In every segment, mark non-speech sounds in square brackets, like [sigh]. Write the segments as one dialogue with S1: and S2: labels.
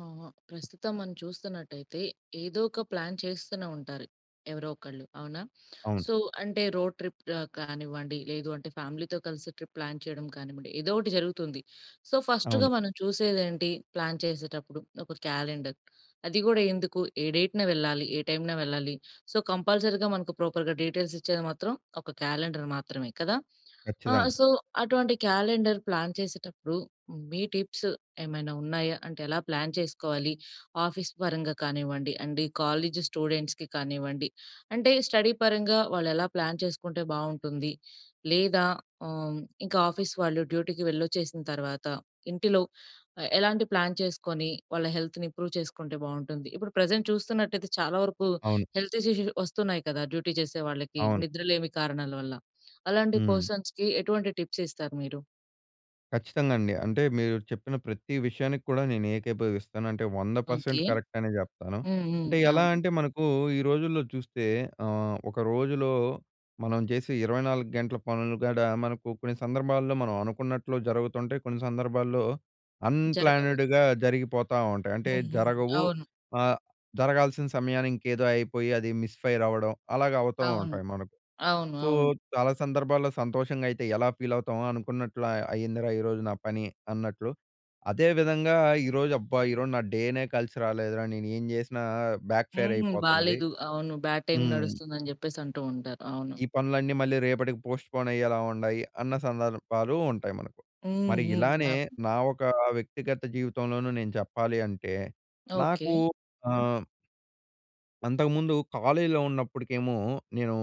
S1: ఆహ! ప్రస్తుతం మనం చూస్తున్నట్టయితే ఏదో ఒక ప్లాన్ చేస్తూనే ఉంటారు, ఎవరో ఒకళ్ళు అవునా?
S2: అవును.
S1: సో, అంటే రోడ్ ట్రిప్ అ కానివ్వండి లేదు అంటే ఫ్యామిలీతో కలిసి ట్రిప్ ప్లాన్ చేయడం కానివ్వండి, ఏదో ఒకటి జరుగుతుంది. సో, ఫస్ట్‌గా
S2: అవును.
S1: మనం చూసేది ఏంటి ప్లాన్ చేసేటప్పుడు ఒక క్యాలెండర్. అది కూడా ఎందుకు ఏ డేట్‌న వెళ్ళా? ఏ టైమ్‌నా వెళ్ళాలి? సో, కంపల్సరీ మనకు ప్రాపర్‌గా డీటెయిల్స్ ఇచ్చేది మాత్రం ఒక క్యాలెండర్ మాత్రమే కదా? అ!
S2: ఖచ్చితంగా.
S1: సో, అటువంటి క్యాలెండర్ ప్లాన్ చేసేటప్పుడు మీ టిప్స్ ఏమైనా ఉన్నాయా? అంటే ఎలా ప్లాన్ చేసుకోవాలి? ఆఫీస్ పరంగా కానివ్వండి, అంటే కాలేజ్ స్టూడెంట్స్‌కి కానివ్వండి, అంటే స్టడీ పరంగా వాళ్ళు ఎలా ప్లాన్ చేసుకుంటే బావుంటుంది? లేదా హ్మ్, ఇంకా ఆఫీస్ వాళ్ళు డ్యూటీకి వెళ్ళొచ్చేసిన తర్వాత ఇంటిలో ఎలాంటి ప్లాన్ చేసుకొని వాళ్ళ హెల్త్‌ని ఇంప్రూవ్ చేసుకుంటే బావుంటుంది? ఇప్పుడు ప్రెజెంట్ చూస్తున్నట్టయితే చాలా వరకు
S2: అవును.
S1: హెల్త్ ఇష్యూస్ వస్తున్నాయి కదా, డ్యూటీ చేసే వాళ్ళకి
S2: అవును.
S1: నిద్రలేమి కారణాల వల్ల. అలాంటి
S2: హ్మ్.
S1: పర్సన్స్‌కి ఎటువంటి టిప్స్ ఇస్తారు మీరు?
S2: ఖచ్చితంగా అండి. అంటే మీరు చెప్పిన ప్రతీ విషయానికి కూడా నేను ఏకీభవిస్తాను. అంటే 100%
S1: ఓకే.
S2: కరెక్ట్ అనే చెప్తాను.
S1: హ్మ్, హ్మ్.
S2: అంటే ఎలా
S1: అవును.
S2: అంటే మనకు ఈ రోజుల్లో చూస్తే ఆహ్, ఒక రోజులో మనం చేసే 24 గంటల పనులు కూడా మనకు కొన్ని సందర్భాల్లో మనం అనుకున్నట్లు జరుగుతుంటాయి. కొన్ని సందర్భాల్లో
S1: జరగవు.
S2: అన్‌ప్లాన్డ్‌గా జరిగిపోతా ఉంటాయి. అంటే
S1: హుహు.
S2: జరగవు,
S1: అవును.
S2: ఆహ్, జరగాల్సిన సమయానికి ఇంకేదో అయిపోయి అది మిస్ ఫైర్ అవడం అలాగా అవుతూ
S1: అవును.
S2: ఉంటాయి మనకు.
S1: అవును,
S2: సో,
S1: అవును.
S2: చాలా సందర్భాల్లో సంతోషంగా అయితే ఎలా ఫీల్ అవుతామో అనుకున్నట్లు అయ్యిందిరా ఈరోజు నా పని అన్నట్లు. అదే విధంగా ఈరోజు అబ్బా! ఈరోజు నా డేనే కలిసి రాలేదురా నేను ఏం చేసినా బ్యాక్ ఫైర్
S1: హ్మ్.
S2: అయిపోతుంది.
S1: బాలేదు అవును. బ్యాడ్ టైమ్
S2: హ్మ్.
S1: నడుస్తుంది అని చెప్పేసి అంటూ ఉంటారు. అవును.
S2: ఈ పనులన్నీ మళ్ళీ రేపటికి పోస్ట్‌పోన్ అయ్యేలా ఉండాయి. అన్న సందర్భాలు ఉంటాయి మనకు.
S1: హ్మ్,
S2: మరి
S1: హ్మ్.
S2: ఇలానే
S1: అవును.
S2: నా ఒక వ్యక్తిగత జీవితంలోనూ నేను చెప్పాలి అంటే
S1: ఓకే.
S2: నాకు ఆహ్ అంతకుముందు కాలేజీలో ఉన్నప్పడుకేమో, నేను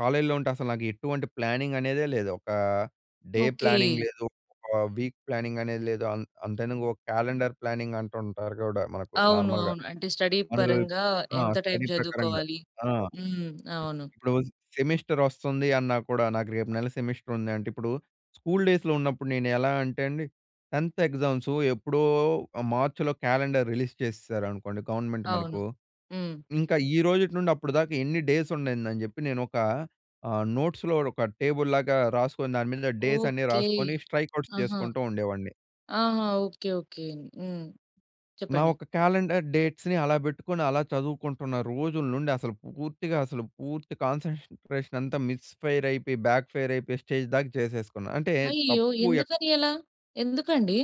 S2: కాలేజీలో ఉంటే అసల నాకు ఎటువంటి ప్లానింగ్ అనేదే లేదు. ఒక డే
S1: ఓకే.
S2: ప్లానింగ్ లేదు. ఒక వీక్ ప్లానింగ్ అనేది లేదు. అంత్ అంతెందుకు, ఒక క్యాలెండర్ ప్లానింగ్ అంటుంటారు గూడా మనకు
S1: అవును.
S2: నార్మల్‌గా.
S1: అవును. అంటే స్టడీ
S2: [unintelligible]
S1: పరంగా
S2: ఆ!
S1: ఎంత టైమ్
S2: స్టడీ ప్రకారంగా.
S1: చదువుకోవాలి
S2: ఆ!
S1: హ్మ్. అవును.
S2: ఇప్పుడు సెమిస్టర్ వస్తుంది అన్నా కూడా, నాకు రేపు నెల సెమిస్టర్ ఉంది అంటే, ఇప్పుడు స్కూల్ డేస్‌లో ఉన్నప్పుడు నేను ఎలా అంటే అండి, 10థ్ ఎగ్జామ్స్ ఎప్పుడో మార్చిలో క్యాలెండర్ రిలీజ్ చేసేశారనుకోండి గవర్నమెంట్
S1: అవును.
S2: మనకు,
S1: హ్మ్.
S2: ఇంకా ఈరోజుటి నుండి అప్పటి దాకా ఎన్ని డేస్ ఉండిందనిజెప్పి నేనొక, ఆహ్, నోట్స్‌లో ఒక టేబుల్‌ లాగా రాసుకొని దాని మీద డేస్ అన్నీ
S1: ఓకే.
S2: రాసుకొని, స్ట్రైక్ అవుట్స్
S1: ఆహా!
S2: చేసుకుంటూ ఉండేవాడిని.
S1: ఆహా! ఓకే. ఓకే. హ్మ్.
S2: నా
S1: చెప్పండి.
S2: ఒక కాలెండర్ డేట్స్‌ని అలా పెట్టుకొని అలా చదువుకుంటున్న రోజుల నుండి అసలు పూర్తిగా అసలు పూర్తి కాన్సన్‌ట్రేషన్ అంతా మిస్‌ఫై‌ర్ అయిపోయి, బ్యాక్‌ఫైర్ అయిపోయి స్టేజ్ దాక చేసేసుకున్న. అంటే
S1: అయ్యో!
S2: తప్పు ఎక్
S1: ఎందుకని అలా? ఎందుకండి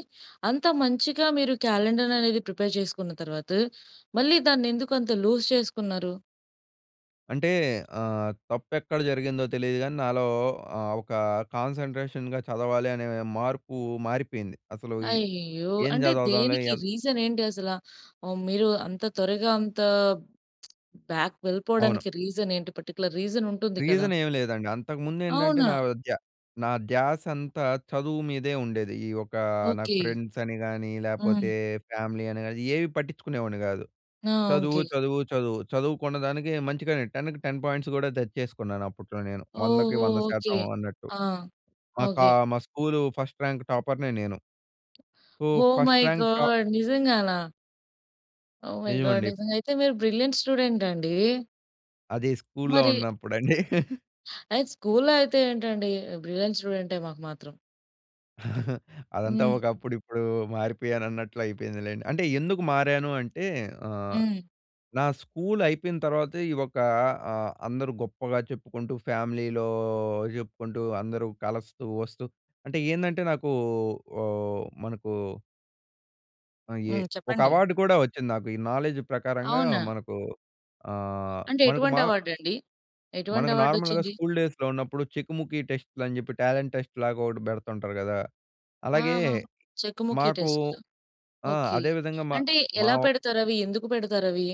S1: అంత మంచిగా మీరు క్యాలెండర్ అనేది ప్రిపేర్ చేసుకున్న తర్వాత, మళ్ళీ దాన్ని ఎందుకు అంత లూజ్ చేసుకున్నారు?
S2: అంటే ఆహ్, తప్పు ఎక్కడ జరిగిందో తెలీదు గానీ నాలో ఆహ్, ఒక కాన్సంట్రేషన్‌గా చదవాలి అనే మార్పు మారిపోయింది. అసలు,
S1: అయ్యయ్యో!
S2: ఏం
S1: అంటే
S2: చదువుదాంలే.
S1: దేనికి
S2: ఎం
S1: రీజన్ ఏంటి అసలా? ఆహ్, మీరు అంత త్వరగా అంత [smacks lips] బ్యాక్
S2: అవును.
S1: వెళ్ళిపోవడానికి రీజన్ ఏంటి పర్టిక్యులర్ రీజన్ ఉంటుంది కదా!
S2: రీజన్ ఏమి లేదండి. అంతకుముందు ఏంటంటే
S1: అవునా?
S2: నా ధ్య నా ధ్యాస అంతా చదువు మీదే ఉండేది. ఈ ఒక నాకు
S1: ఓకె.
S2: ఫ్రెండ్స్ అని గాని లేపోతే
S1: హ్మ్.
S2: ఫ్యామిలీ అని గాని ఏవి పట్టించుకునేవాడిని కాదు.
S1: ఆ!
S2: చదువు,
S1: ఓకె.
S2: చదువు, చదువు. చదువు కున్నదానికి మంచిగానే 10కి 10 పాయింట్స్ కూడా తెచ్చేసుకున్నాను అప్పట్లో నేను. 100కి
S1: ఓహొ!
S2: వంద
S1: ఓకె.
S2: శాతం అన్నట్టు.
S1: ఆ!
S2: మా కా
S1: ఓకె.
S2: మా స్కూలు ఫస్ట్ ర్యాంక్ టాపర్‌నే నేను. So,
S1: oh
S2: first
S1: my
S2: rank ట
S1: గాడ్! నిజంగానా? Oh my god!
S2: నిజమండి.
S1: నిజంగా అయితే మీరు బ్రిలియంట్ స్టూడెంట్ అండి.
S2: అది స్కూల్లో
S1: మరి
S2: ఉన్నప్పుడండి. [chuckles]
S1: అది స్కూల్లో అయితే ఏంటండి బ్రిలియంట్ స్టూడెంటే మాకు మాత్రం.
S2: [chuckles] అదంతా
S1: హ్మ్.
S2: ఒక అప్పుడు ఇప్పుడు మారిపోయాను అన్నట్లు అయిపోయిందిలేండి. అంటే ఎందుకు మారాను అంటే ఆహ్,
S1: హ్మ్.
S2: నా స్కూల్ అయిపోయిన తర్వాతే ఈ ఒక ఆహ్, అందరూ గొప్పగా చెప్పుకుంటూ ఫ్యామిలీలో చెప్పుకుంటూ అందరూ కలస్తూ వస్తూ అంటే ఏందంటే నాకు ఓహ్, మనకు అయ్యే
S1: హ్మ్.
S2: ఒక
S1: చెప్పండి.
S2: అవార్డ్ కూడా, వచ్చింది నాకు. ఈ నాలెడ్జ్ ప్రకారంగా
S1: అవునా!
S2: మనకు ఆహ్,
S1: అంటే,
S2: మనకు
S1: ఎటువంటి
S2: మా...
S1: అవార్డ్ అండి? ఎటువంటి
S2: మనకు నార్మల్‌‌గా
S1: అవార్డోచ్చింది?
S2: స్కూల్ డేస్‌లో ఉన్నప్పుడు చెకుముకి టెస్ట్‌లని చెప్పి, టాలెంట్ టెస్ట్‌ లాగా ఒకటి పెడుతుంటారు గదా! అలాగే,
S1: ఆహా! చెకుముకి
S2: మాకు
S1: టెస్ట్‌లు.
S2: ఆ!
S1: ఓకె.
S2: అదేవిధంగా మ
S1: అంటే,
S2: మా
S1: ఎలా పెడతారవి? ఎందుకు పెడతారవి?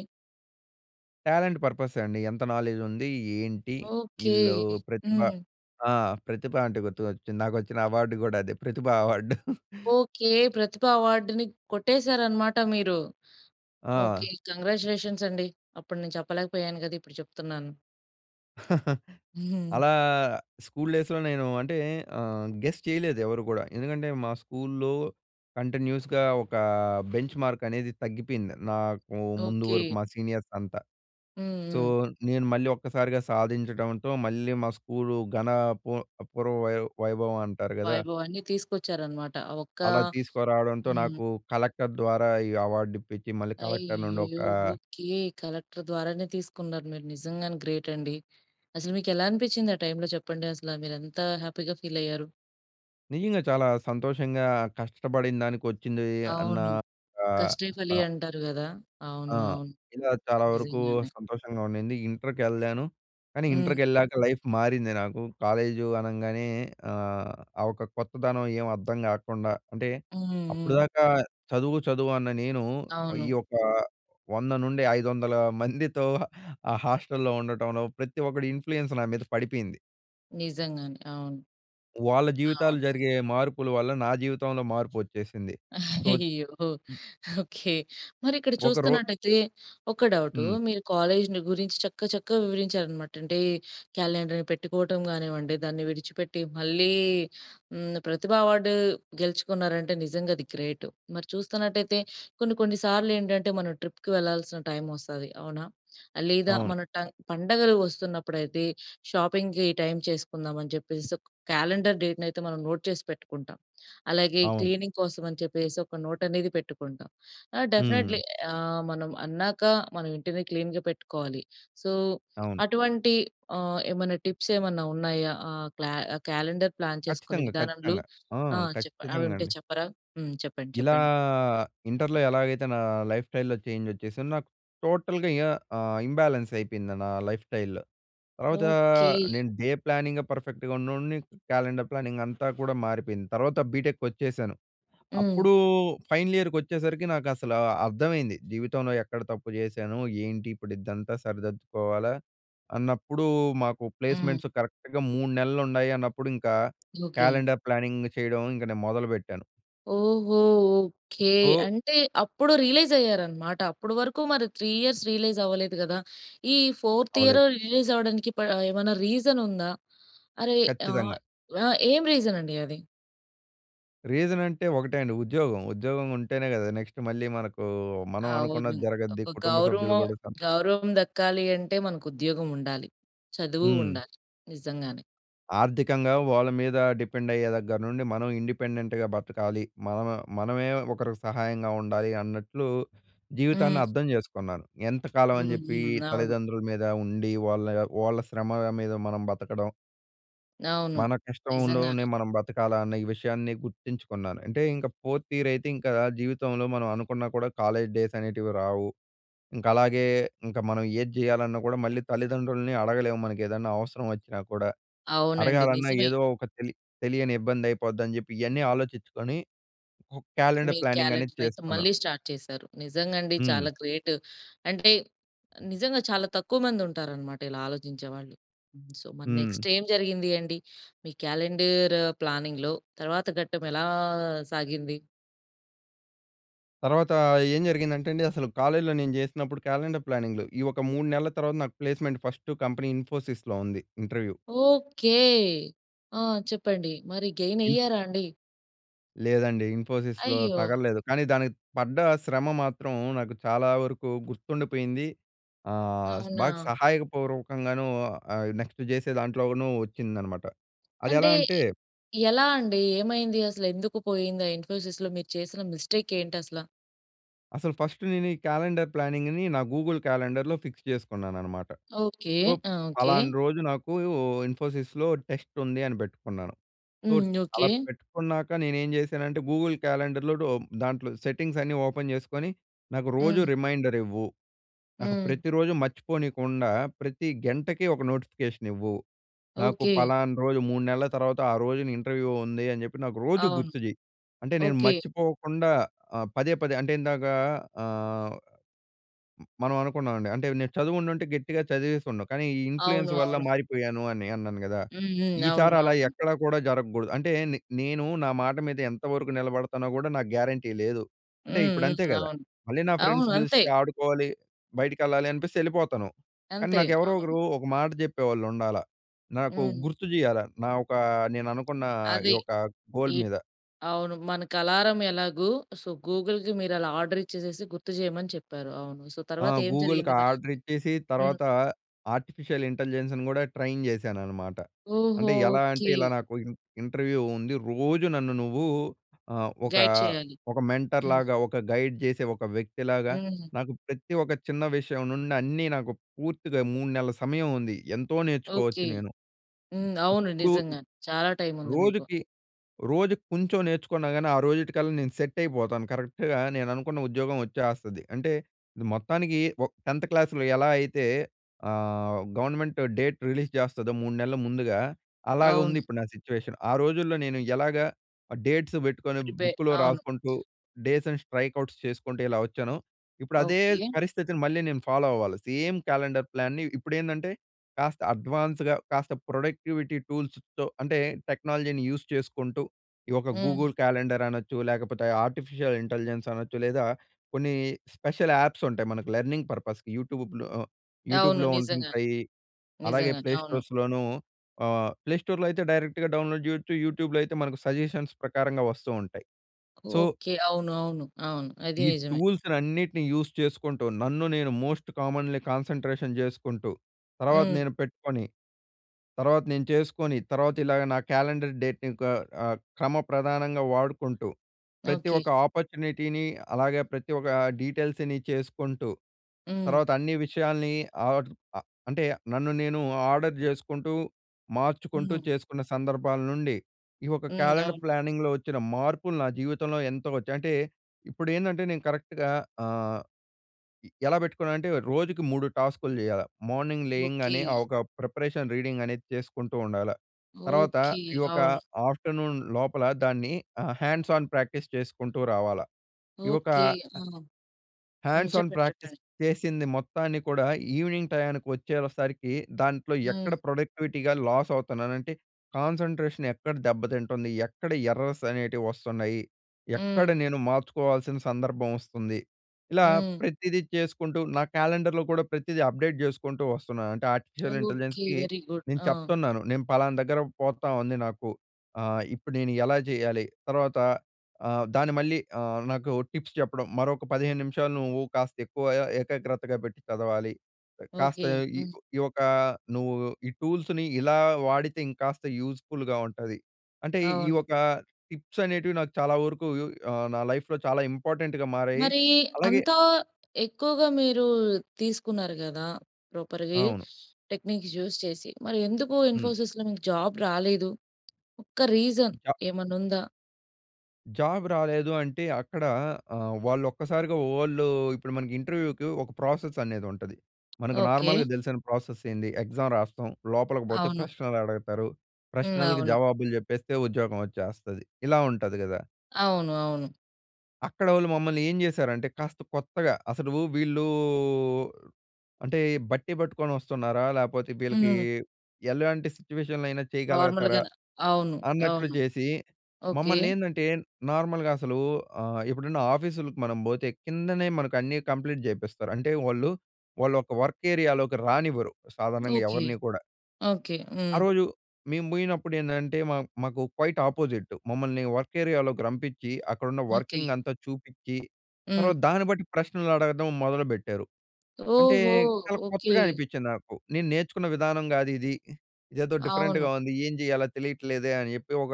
S2: టాలెంట్ పర్పస్సే అండి. ఎంత నాలెడ్జ్ ఉంది? ఏంటి?
S1: ఓకె.
S2: ఇళ్ళు ప్రతిభ
S1: హ్మ్.
S2: ఆ! ప్రతిభ అంటే, గుర్తుకొచ్చింది. నాకొచ్చిన, అవార్డు కూడా అదే. ప్రతిభ అవార్డు. [chuckles]
S1: ఓకె. ప్రతిభ అవార్డ్‌ని కొట్టేసారన్నమాట మీరు. ఓకె.
S2: ఆ!
S1: కాంగ్రాచ్యులేషన్స్ అండి. అప్పుడు, నేను చెప్పలేకపోయాను గదా! ఇప్పుడు చెప్తున్నాను.
S2: [chuckles]
S1: [chuckles]
S2: అలా, స్కూల్ డేస్‌‌‌లో నేను, అంటే, ఆహ్, గెస్ చేయలేదు ఎవరు గూడా. ఎందుకంటే, మా స్కూల్‌లో కంటిన్యూస్‌గా ఒక బెంచ్‌మార్క్ అనేది తగ్గిపోయింది. నాకు, ముందు
S1: ఓకె.
S2: వరకు మా సీనియర్స్ అంతా.
S1: హ్మ్.
S2: సో,
S1: హ్మ్.
S2: నేను, మళ్ళీ ఒక్కసారిగా సాధించడంతో, మళ్ళీ, మా స్కూలు, ఘన పూ పూర్వ వై వైభవమంటారు కదా...
S1: వైభవాన్ని తీసుకొచ్చారన్నమాట. ఆ ఒక్క
S2: అలా తీసుకురావడంతో,
S1: హ్మ్.
S2: నాకు కలెక్టర్ ద్వారా ఈ అవార్డు ఇప్పించి మళ్ళీ కలెక్టర్ నుండి
S1: అయయ్యో!
S2: ఒక
S1: ఓకె. కలెక్టర్ ద్వారానే, తీసుకున్నారు. మీరు నిజంగానే గ్రేట్ అండి! అసలు, మీకెలా అనిపించింది, ఆ టైమ్‌లో చెప్పండి? అసలా, మీరు ఎంత హ్యాపీగా ఫీలయ్యారు?
S2: నిజంగా చాలా సంతోషంగా, కష్టపడిన దానికి వచ్చింది అన్న
S1: అవును.
S2: క
S1: కష్టే ఫలి
S2: ఆహ్.
S1: అంటారు కదా!
S2: ఆ!
S1: అవును అవును.
S2: ఇలా చాలా వరకు
S1: నిజంగానే.
S2: సంతోషంగా ఉండింది. ఇంటర్‌కెళ్ళాను, కానీ
S1: హ్మ్.
S2: ఇంటర్‌కెళ్ళాక లైఫ్ మారింది నాకు. కాలేజు అనంగానే ఆహ్, ఆ ఒక కొత్తదనం ఏమి అర్థం కాకుండా అంటే,
S1: హ్మ్,
S2: అప్పుడు
S1: హ్మ్.
S2: దాకా చదువు, చదువు అన్న నేను ఈ
S1: అవును.
S2: యొక్క 100-500 మందితో ఆ హాస్టల్‌లో ఉండటంలో ప్రతి ఒక్కడి ఇన్‌ఫ్లూయెన్స్ నా మీద పడిపోయింది.
S1: నిజంగానే అవును.
S2: వాళ్ళ జీవితాలు
S1: అవును.
S2: జరిగే మార్పుల వల్ల నా జీవితంలో మార్పు వచ్చేసింది. సో
S1: అయ్యో! ఓకె. మరి ఇక్కడ
S2: ఒక రో
S1: చూస్తున్నట్టయితే ఒక డౌటు.
S2: హ్మ్.
S1: మీరు కాలేజి‌ని గురించి చక్క, చక్కగా వివరించారనమాట, అంటే క్యాలెండర్‌ని పెట్టుకోవటం కానివ్వండి, దాన్ని విడిచిపెట్టి మళ్ళీ హ్మ్, ప్రతిభ అవార్డు గెలుచుకున్నారంటే నిజంగా అది గ్రేట్. మరి చూస్తున్నట్టయితే కొన్ని కొన్ని సార్లు ఏంటంటే మనం ట్రిప్‌కి వెళ్లాల్సిన టైమ్ వస్తాది. అవునా? ఆ! లేదా
S2: అవును.
S1: మన టంగ్ పండగలు వస్తున్నప్పుడైతే షాపింగ్‌కి ఈ టైమ్ చేసుకుందామని చెప్పేసి ఒక క్యాలెండర్ డేట్‌నయితే మనం నోట్ చేసి పెట్టుకుంటాం. అలాగే
S2: అవును.
S1: క్లీనింగ్ కోసం అని చెప్పేసి ఒక నోట్ అనేది పెట్టుకుంటాం. ఆ! డెఫినెట్లీ
S2: హ్మ్.
S1: ఆహ్, మనం అన్నాక మన ఇంటిని క్లీన్‌గా పెట్టుకోవాలి. సో,
S2: అవును.
S1: అటువంటి ఆహ్, ఏమన్నా టిప్స్ ఏమన్నా ఉన్నాయా? ఆహ్, క్ల్య క్యాలెండర్ ప్లాన్ చేసుకునే
S2: ఖచ్చితంగా,
S1: విధానంలో
S2: ఖచ్చితంగా ఆ!
S1: ఆ! చెప్ప అవి
S2: ఖచ్చితంగా
S1: ఉంటే
S2: అండి.
S1: చెప్పరా? హ్మ్, చెప్పండి
S2: ఇలా
S1: చెప్పండి.
S2: ఇంటర్‌‌లో ఎలాగైతే నా లైఫ్ స్టైల్‌లో చేంజ్ వచ్చేసిందో, నాకు టోటల్‌గా ఇగ ఆహ్, ఇంబ్యాలెన్స్ అయిపోయింది నా లైఫ్ స్టైల్‌. తర్వాత
S1: ఓకె.
S2: నేను డే ప్లానింగే పర్‌ఫెక్ట్‌గా ఉన్నోడిని క్యాలెండర్ ప్లానింగ్ అంతా కూడా మారిపోయింది. తర్వాత బీటెక్‌కొచ్చేసాను.
S1: హ్మ్.
S2: అప్పుడు ఫైనల్ ఇయర్‌కి వచ్చేసరికి నాకు అసలు అర్థమైంది. జీవితంలో ఎక్కడ తప్పు చేశాను? ఏంటి ఇప్పుడు ఇదంతా సరిదిద్దుకోవాలా? అన్నప్పుడు మాకు
S1: హ్మ్.
S2: ప్లేస్‌మెంట్స్ కరెక్ట్‌గా 3 నెలలు ఉన్నాయి అన్నప్పుడు ఇంకా,
S1: ఓకె.
S2: క్యాలెండర్ ప్లానింగ్ చేయడం ఇంకా నేను మొదలుపెట్టాను.
S1: ఓహో! ఓకె.
S2: సో
S1: అంటే అప్పుడు రియలైజ్ అయ్యారు అన్నమాట. అప్పుడు వరకు మరి 3 ఇయర్స్ రియలైజ్ అవ్వలేదు కదా? ఈ 4త్ ఇయర్
S2: అవ్వలేదు.
S1: రిలీజ్ అవ్వడానికి ప ఏమైనా రీజన్ ఉందా? అరే! ఆహ్,
S2: ఖచ్చితంగా.
S1: ఆహ్ ఏం రీజన్ అండి అది?
S2: రీసన్ అంటే ఒకటే అండి. ఉద్యోగం. ఉద్యోగం ఉంటేనే కదా నెక్స్ట్ మళ్ళీ మనకు, మనం
S1: అవును
S2: అనుకున్నది జరగద్ది
S1: ఒక
S2: కుటుంబ సభ్యులు
S1: గౌరవం,
S2: కూడా సంతో
S1: గౌరవం దక్కాలి అంటే మనకు ఉద్యోగం ఉండాలి. చదువు
S2: హ్మ్.
S1: ఉండాలి. నిజంగానే.
S2: ఆర్థికంగా వాళ్ళ మీద డిపెండ్ అయ్యే దగ్గర నుండి మనం ఇండిపెండెంట్‌గా బతకాలి. మనం మనమే ఒకరికి సహాయంగా ఉండాలి అన్నట్లు జీవితాన్ని
S1: హ్మ్.
S2: అర్థం చేసుకున్నాను. ఎంత కాలం అని
S1: హ్మ్.
S2: చెప్పి
S1: హ్మ్. అవును.
S2: తల్లిదండ్రుల మీద ఉండి వాళ్ళ వాళ్ళ శ్రమగా మీద మనం బతకడం.
S1: అవును.
S2: మన
S1: నిజంగానే.
S2: కష్టంలోనే మనం బ్రతకాలా అన్న ఈ విషయాన్ని గుర్తించుకున్నాను. అంటే ఇంక 4థ్ ఇయర్ అయితే ఇంకా జీవితంలో మనం అనుకున్నా కూడా కాలేజ్ డేస్ అనేటివి రావు. ఇంకా అలాగే ఇంకా మనం ఏది చేయాలన్నా కూడా మళ్ళీ తల్లిదండ్రుల్ని అడగలేము. మనకు ఏదైనా అవసరం వచ్చినా కూడా.
S1: అవునండి
S2: అడగాలన్నా
S1: నిజమే.
S2: ఏదో ఒక తెలి తెలియని ఇబ్బంది అయిపోద్ధి అని చెప్పి ఇయ్యన్నీ ఆలోచించుకొని ఒక
S1: మీ
S2: క్యాలెండర్ ప్లానింగ్ అనేది
S1: క్యాలెండర్ అయితే
S2: చేసుకున్నా.
S1: మళ్ళి స్టార్ట్ చేసారు. నిజంగా అండి చాలా
S2: హ్మ్.
S1: గ్రేట్. [breath] అంటే నిజంగా చాలా తక్కువ మంది ఉంటారన్నమాట ఇలా ఆలోచించేవాళ్ళు. సొ మరి
S2: హ్మ్.
S1: నెక్స్ట్ ఏం జరిగింది అండి? మీ క్యాలెండర్ ప్లానింగ్‌లో తర్వాత ఘట్టం ఎలా సాగింది?
S2: తర్వాతా ఏం జరిగిందంటే అండి అసలు కాలేజ్‌లో నేను చేసినప్పుడు క్యాలెండర్ ప్లానింగ్‌లు. ఈ ఒక 3 నెలల తర్వాత నాకు ప్లేస్‌మెంట్ ఫస్టు కంపెనీ ఇన్ఫోసిస్‌లొ ఉంది ఇంటర్వ్యూ.
S1: ఓకే. ఆ! చెప్పండి. మరి గెయిన్
S2: ఇన్ఫో
S1: అయ్యారా అండి?
S2: లేదండి ఇన్ఫోసిస్‌లొ
S1: అయ్యో!
S2: తగల్లేదు. కానీ దానికి పడ్డ శ్రమ మాత్రం నాకు చాలా వరకు గుర్తుండిపోయింది. ఆహ్, బాగా
S1: అవునా?
S2: సహాయక పూర్వకంగాను. ఆహ్, నెక్స్ట్ చేసే దాంట్లోను వచ్చిందన్నమాట. అది
S1: అంటే
S2: ఎలా అంటే
S1: ఎలా అండి, ఏమైంది అసలు ఎందుకు పోయింది? ఆ ఇన్ఫోసిస్‌లో మీరు చేసిన మిస్టేక్ ఏంటి అసల?
S2: అసలు ఫస్టు నేను ఈ క్యాలెండర్ ప్లానింగ్‌ని నా గూగుల్ క్యాలెండర్‌లొ ఫిక్స్ చేసుకున్నానన్నమాట.
S1: ఓకే.
S2: ఒప్
S1: ఆ! ఓకే.
S2: ఫలానా రోజు నాకూ ఇన్ఫోసిస్‌లొ టెస్టుంది అని పెట్టుకున్నాను. సో
S1: హ్మ్. ఓకే.
S2: అలా పెట్టుకున్నాక, నేను ఏం చేశానంటే గూగుల్ క్యాలెండర్‌లో డో దాంట్లో సెట్టింగ్స్ అన్నీ ఓపెన్ జేసుకొని, నాకు రోజు
S1: హ్మ్.
S2: రిమైండరివ్వు. నాకు
S1: హ్మ్.
S2: ప్రతి రోజు మర్చిపోనికుండా, ప్రతి గెంటకి ఒక నోటిఫికేషనివ్వు. నాకు
S1: ఓకే.
S2: ఫలానా రోజు 3 నెలల తర్వాత, ఆ రోజున ఇంటర్వ్యూ ఉంది అని చెప్పి, నాకు రోజు
S1: అవును.
S2: గుర్తు చెయ్యి. అంటే, నేను
S1: ఓకే.
S2: మర్చిపోకుండా ఆహ్, పదే, పదే అంటే ఇందాక ఆహ్, హ్మ్, మనం అనుకున్నామండి. అంటే, నేను చదువుండుంటే గట్టిగా చదివేసిండు. కానీ, ఈ
S1: అవును.
S2: ఇన్‌ఫ్లూయెన్స్ వల్ల
S1: అవును.
S2: మారిపోయాను అని అన్నాను గదా!
S1: హ్మ్, హ్మ్.
S2: ఈసారి
S1: అవును,
S2: అలా
S1: అవును.
S2: ఎక్కడా కూడా జరగకూడదు అంటే, నె నేను నా మాట మీద ఎంతవరకు నిలబడతానో కూడా నాకు గ్యారంటీ లేదు. అంటే
S1: హ్మ్,
S2: ఇప్పుడు
S1: హ్మ్.
S2: అంతే కదా!
S1: అవును.
S2: మళ్ళీ నా ఫ్రెండ్స్
S1: అవును అంతే.
S2: పిలిస్తే ఆడుకోవాలి, బయటికెళ్ళాలి అనిపిస్తే ఎళ్ళిపోతాను. కానీ,
S1: అంతే.
S2: నాకు ఎవరో
S1: అవును.
S2: ఒకరు ఒక మాట చెప్పేవాళ్ళు ఉండాలా. నాకు
S1: హ్మ్.
S2: గుర్తు చేయాల. నా ఒక నేను అనుకున్న ఈ
S1: అది.
S2: ఒక గోల్
S1: ఈ
S2: మీద.
S1: అవును. మనకి అలారం ఎలాగో సో, గూగుల్‌కి మీరు అలా ఆర్డర్ ఇచ్చేసేసి గుర్తు చేయమని చెప్పారు అవును. సో
S2: ఆ!
S1: తర్వాత ఏం
S2: గూగుల్‌కి
S1: జరిగింది మరి?
S2: ఆర్డరిచ్చేసి
S1: హ్మ్.
S2: తర్వాత, ఆర్టిఫిషియల్ ఇంటెలిజెన్స్ కూడా ట్రైన్ చేశానన్నమాట.
S1: ఓహో!
S2: అంటే, ఎలా అంటే
S1: ఓకే.
S2: ఇలా నాకు ఇం ఇంటర్వ్యూ ఉంది. రోజు నన్ను నువ్వు ఆహ్, ఒకా
S1: గైడ్ చేయాలి.
S2: ఒక మెంటర్
S1: హ్మ్.
S2: లాగా, ఒక గైడ్ చేసే ఒక వ్యక్తిలాగా,
S1: హ్మ్.
S2: నాకు ప్రతి ఒక చిన్న విషయం నుండి అన్నీ నాకు పూర్తిగా 3 నెలల సమయం ఉంది, ఎంతో నేర్చుకోవచ్చు
S1: ఓకే.
S2: నేను.
S1: హ్మ్. అవును
S2: ఇప్పుడు
S1: నిజంగా చాలా టైమ్ ఉంది మీకు.
S2: రోజుకి రోజుకి కొంచెం నేర్చుకున్నా గాని ఆ రోజుటి కల్లా నేను సెట్ అయిపోతాను. కరెక్ట్‌గా నేను అనుకున్న ఉద్యోగం వచ్చేస్తది. అంటే, ఇది మొత్తానికి ఒ 10థ్ క్లాస్‌లొ ఎలా అయితే ఆహ్, గవర్నమెంట్ డేట్ రిలీజ్ చేస్తాదో 3 నెలల ముందుగా, అలాగా ఉంది
S1: అవును.
S2: ఇప్పుడు నా సిట్యుయేషన్. ఆ రోజుల్లో నేను ఎలాగా ఆహ్, డేట్స్ పెట్టుకొని
S1: ప్రిపే
S2: బుక్‌లొ
S1: అవును.
S2: రాసుకుంటూ డేస్‌ని స్ట్రైక్ అవుట్స్ చేసుకుంటూ ఎలా వచ్చానో, ఇప్పుడు అదే
S1: ఓకే.
S2: పరిస్థితిని మళ్ళీ నేను ఫాలో అవ్వాలి. సేమ్ క్యాలెండర్ ప్లాన్‌ని ఇప్పుడేందంటే కాస్త అడ్వాన్స్‌గా కాస్త ప్రొడక్టివిటీ టూల్స్‌తొ అంటే టెక్నాలజీని యూజ్ చేసుకుంటూ, ఈ ఒక
S1: హ్మ్.
S2: గూగుల్ క్యాలెండర్ అనొచ్చు, లేకపోతే ఆర్టిఫిషియల్ ఇంటెలిజెన్స్ అనొచ్చు, లేదా కొన్ని స్పెషల్ యాప్స్ ఉంటాయి మనకు లెర్నింగ్ పర్పస్‌కి యూట్యూబ్‌లొ
S1: అవును.
S2: యూట్యూబ్‌లొ
S1: నిజంగానే.
S2: ఉంటుంటాయి. అలాగే
S1: నిజంగానే.
S2: ప్లే
S1: అవును.
S2: స్టోర్స్‌లొను, ఆహ్, ప్లే స్టోర్‌లో అయితే, డైరెక్ట్‌గ డౌన్లోడ్ చేయొచ్చు. యూట్యూబ్‌లొ అయితే మనకు సజెషన్స్ ప్రకారంగా వస్తూ ఉంటాయి. So...
S1: okay. అవును. అవును. అవును. అదీ
S2: ఈ
S1: నిజమే.
S2: టూల్స్‌లన్నిటిని యూజ్ చేసుకుంటూ, నన్ను నేను మోస్ట్ కామన్‌లీ కాన్సంట్రేషన్ జేసుకుంటూ, తర్వాత
S1: హ్మ్.
S2: నేను పెట్టుకొని, తర్వాత నేను చేసుకొని, తర్వాత ఇలాగ నా క్యాలెండర్ డేట్‌ని ఒక ఆహ్, క్రమప్రధానంగా వాడుకుంటూ, ప్రతి
S1: ఓకె.
S2: ఒక్క ఆపర్చునిటీని, అలాగే ప్రతి ఒక్క డీటెయిల్స్‌ని చేసుకుంటూ,
S1: హ్మ్.
S2: తర్వాత అన్ని విషయాల్ని ఆర్డర్ ఆహ్, అంటే నన్ను నేను ఆర్డర్ జేసుకుంటూ, మార్చుకుంటూ
S1: హ్మ్.
S2: చేసుకున్న సందర్భాల నుండి ఈ ఒక
S1: హ్మ్.
S2: క్యాలెండర్
S1: అవును.
S2: ప్లానింగ్‌లొ వచ్చిన మార్పులు నా జీవితంలో ఎంతో వచ్చాయి. అంటే, ఇప్పుడు ఏందంటే నేను కరెక్ట్‌గా ఆహ్, ఇ ఎలా పెట్టుకున్నానంటే రోజుకి 3 టాస్కులు చేయాల. Morning
S1: okay.
S2: లేయింగానే ఆ! ఒక ప్రిపరేషన్ రీడింగ్ అనేది చేసుకుంటూ ఉండాల. తర్వాత
S1: ఓకే.
S2: ఈ ఒక
S1: అవును.
S2: ఆఫ్టర్నూన్ లోపల దాన్ని ఆహ్, హ్యాండ్స్ ఆన్ ప్రాక్టీస్ చేసుకుంటూ రావాలా. ఈ ఒక
S1: ఓకే. ఆ!
S2: అ
S1: హ్మ్.
S2: హ్యాండ్స్ ఆన్
S1: చెప్పండి,
S2: ప్రాక్టీస్
S1: చెప్పండి.
S2: చేసింది మొత్తాన్ని కూడా ఈవినింగ్ టయానికి వచ్చేవసరికి దాంట్లో
S1: హ్మ్.
S2: ఎక్కడ ప్రొడక్టివిటీగా లాస్ అవుతున్నాను. అంటే కాన్సంట్రేషన్, ఎక్కడ దెబ్బతింటుంది, ఎక్కడ ఎర్రర్స్ అనేటివి వస్తున్నాయి, ఎక్కడ
S1: హ్మ్.
S2: నేను మార్చుకోవాల్సిన సందర్భం వస్తుంది. ఇలా
S1: హ్మ్.
S2: ప్రతీదీ చేసుకుంటూ నా క్యాలెండర్‌లొ కూడా ప్రతీదీ అప్డేట్ జేసుకుంటూ వస్తున్నాను. అంటే
S1: ఆ!
S2: Artificial
S1: okay.
S2: ఇంటెలిజెన్స్‌కి
S1: వెరీగుడ్.
S2: నేను
S1: ఆ!
S2: చెప్తున్నాను. నేను ఫలానా దగ్గర పోతా ఉంది నాకు ఆహ్, ఇప్పుడు నేను ఎలా జేయాలి. తర్వాత ఆహ్, దాన్ని మళ్ళీ ఆహ్, నాకు టిప్స్ చెప్పడం మరొక పదిహేను నిమిషాలు నువ్వు కాస్త ఎక్కువ య య ఏకాగ్రతగా పెట్టి చదవాలి. ఆహ్, కాస్త
S1: ఓకే.
S2: ఈ
S1: హ్మ్.
S2: ఈ యొక్క నువ్వు ఈ టూల్స్‌ని ఇలా వాడితే ఇంకాస్త యూజ్ ఫుల్‌గా ఉంటది. అంటే ఈ
S1: అవును.
S2: ఒక టిప్స్ అనేటివి నాకు చాలా వరకు యు అహ్, నా లైఫ్‌లో చాలా ఇంపార్టంట్‌గ మారాయి.
S1: మరీ,
S2: అలాగే
S1: అంతా ఎక్కువగా మీరు తీసుకున్నారు గదా! ప్రాపర్‌గే
S2: అవును.
S1: టెక్నిక్స్ యూజ్ చేసి మరి ఎందుకు
S2: హ్మ్.
S1: ఇన్ఫోసిస్‌లో మీకు జాబ్ రాలేదు? ఒక్క రీజన్
S2: చ
S1: ఏమన్నా ఉందా?
S2: జాబ్ రాలేదు అంటే అక్కడ ఆహ్, వాళ్ళు ఒక్కసారిగా వోళ్ళు ఇప్పుడు మన ఇంటర్వ్యూకి ఒక ప్రాసెస్ అనేది ఉంటది. మనకు
S1: ఓకే.
S2: నార్మల్గా తెలిసిన ప్రాసెస్సేంది ఎగ్జామ్ రాస్తాం. లోపలికి పోతే
S1: అవును.
S2: ప్రశ్నలు అడగతారు.
S1: హ్మ్.
S2: ప్రశ్నలకు
S1: అవును.
S2: జవాబులు చెప్పేస్తే ఉద్యోగం వచ్చేస్తది. ఇలా ఉంటది గదా!
S1: అవును. అవును.
S2: అక్కడోళ్ళు మమ్మల్ని ఏం చేశారంటే కాస్త కొత్తగా, అసలు వీళ్ళూ అంటే బట్టి పట్టుకొని వస్తున్నారా? లేపోతే వీళ్ళకి
S1: హ్మ్.
S2: ఎలాంటి సిట్యుయేషన్‌లో అయినా
S1: నార్మల్‌
S2: చేయగలగతారా?
S1: గాన అవును.
S2: అన్నట్లు
S1: అవును.
S2: జేసి,
S1: ఓకే.
S2: మమ్మల్నేందంటే నార్మల్‌గా అసలు ఆహ్, ఇప్పుడున్న ఆఫీస్‌లకి మనం బోతే కిందనే మనకు అన్నీ కంప్లీట్ చేపిస్తారు. అంటే వాళ్ళు, వాళ్ళొక వర్క్ ఏరియాలోకి రానివ్వరు. సాధారణంగా
S1: ఓకె.
S2: ఎవరిని కూడా.
S1: ఓకె.
S2: ఆ
S1: హ్మ్.
S2: రోజు, మేము పోయినప్పుడు ఏందంటే మా మాకు క్వైట్ ఆపోసజిట్. మమ్మల్ని వర్క్ ఏరియాలోకి రంపించి, అక్కడున్న
S1: ఓకె.
S2: వర్కింగ్ అంతా చూపించి, తర్వాత
S1: హ్మ్.
S2: దాన్ని బట్టి ప్రశ్నలు అడగటం మొదలుపెట్టారు. అంటే
S1: ఓహో!
S2: చాలా
S1: ఓకె.
S2: కొత్తగా అనిపించింది నాకు. నేను నేర్చుకున్న విధానం కాదిది. ఇదేదో డిఫరెంట్‌గా
S1: అవును.
S2: ఉంది. ఏం చేయాలో తెలియట్లేదే అని చెప్పి ఒక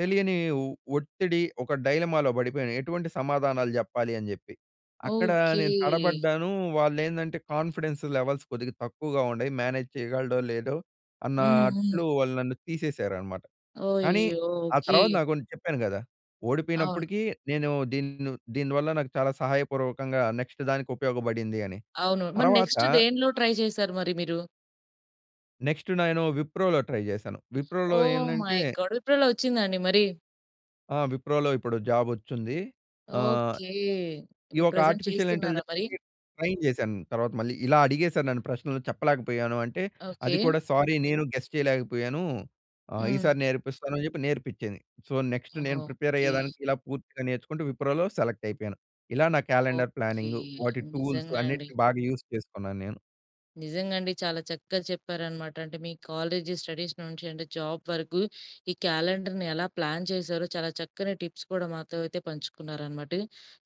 S2: తెలియని ఒ ఒత్తిడి ఒక డైలమాలో పడిపోయాను. ఎటువంటి సమాధానాలు జెప్పాలి అని జెప్పి. అక్కడ నేను
S1: ఓకే.
S2: తడబడ్డాను. వాళ్ళేందంటే కాన్‌ఫిడెన్స్ లెవెల్స్ కొద్దిగా తక్కువగా ఉండాయి. మేనేజ్ చేయగలడో లేదో,
S1: హ్మ్.
S2: అన్నట్లు
S1: హ్మ్.
S2: వాళ్ళు నన్ను తీసేశారనమాట. కానీ
S1: అయ్యో!
S2: ఆ
S1: ఓకె.
S2: తర్వాత నాకున్ చెప్పాను కదా!
S1: అవును.
S2: ఓడిపోయినప్పటికీ నేను దీన్ను దీనివల్ల నాకు చాలా సహాయపూర్వకంగా నెక్స్ట్ దానికి ఉపయోగపడింది అని.
S1: అవును. మరి
S2: తర్వాత
S1: నెక్స్ట్ దేనిలో ట్రై చేసారు మరి మీరు?
S2: నెక్స్ట్ నేను విప్రోలో ట్రై చేశాను.
S1: ఓ
S2: విప్రోలో
S1: మై
S2: ఏందంటే
S1: గాడ్! విప్రోలో వచ్చిందా అండి మరి?
S2: ఆ! విప్రోలో ఇప్పుడు జాబ్ వచ్చుంది. ఆహ్,
S1: ఓకే.
S2: ఈ
S1: ఇప్పుడు
S2: ఒక
S1: ప్రెజెంట్
S2: ఆర్టిఫిషియల్
S1: చేస్తున్నారా మరి?
S2: ఇంటెలిజెన్స్‌కి ట్రైన్ చేశాను తర్వాత మళ్ళీ, ఇలా అడిగేసారు నన్ను ప్రశ్నలు చెప్పలేకపోయాను అంటే అది
S1: ఓకే.
S2: కూడా సారీ నేను గెస్ చేయలేకపోయాను, ఆహ్,
S1: హ్మ్.
S2: ఈసారి నేర్పిస్తాను అని చెప్పి నేర్పించింది. సో, నెక్స్ట్ నేను ప్రిపేర్
S1: ఓకే.
S2: అయ్యేదానికి ఇలా పూర్తిగా నేర్చుకుంటూ విప్రోలో సెలెక్ట్ అయిపోయాను. ఇలా నా క్యాలెండర్
S1: ఓకే.
S2: ప్లానింగు వాటి టూల్స్
S1: నిజంగా అండి.
S2: అన్నిటిని బాగా యూజ్ చేసుకున్నాను నేను.
S1: నిజంగా అండి. చాలా చక్కగా చెప్పారనమాట. అంటే మీ కాలేజీ స్టడీస్ నుంచి అంటే జాబ్ వరకు, ఈ క్యాలెండర్‌ని ఎలా ప్లాన్ చేశారో చాలా చక్కని టిప్స్ కూడా మాతో అయితే పంచుకున్నారనమాట.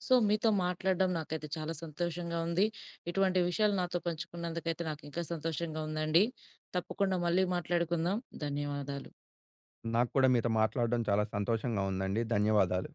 S1: సో, మీతో మాట్లాడడం నాకైతే చాలా సంతోషంగా ఉంది. ఇటువంటి విషయాలు నాతో పంచుకున్నందుకైతే నాకింకా సంతోషంగా ఉందండి. తప్పకుండా మళ్ళీ మాట్లాడుకుందాం, ధన్యవాదాలు.
S2: నాక్కూడా మీతో మాట్లాడడం చాలా సంతోషంగా ఉందండి. ధన్యవాదాలు.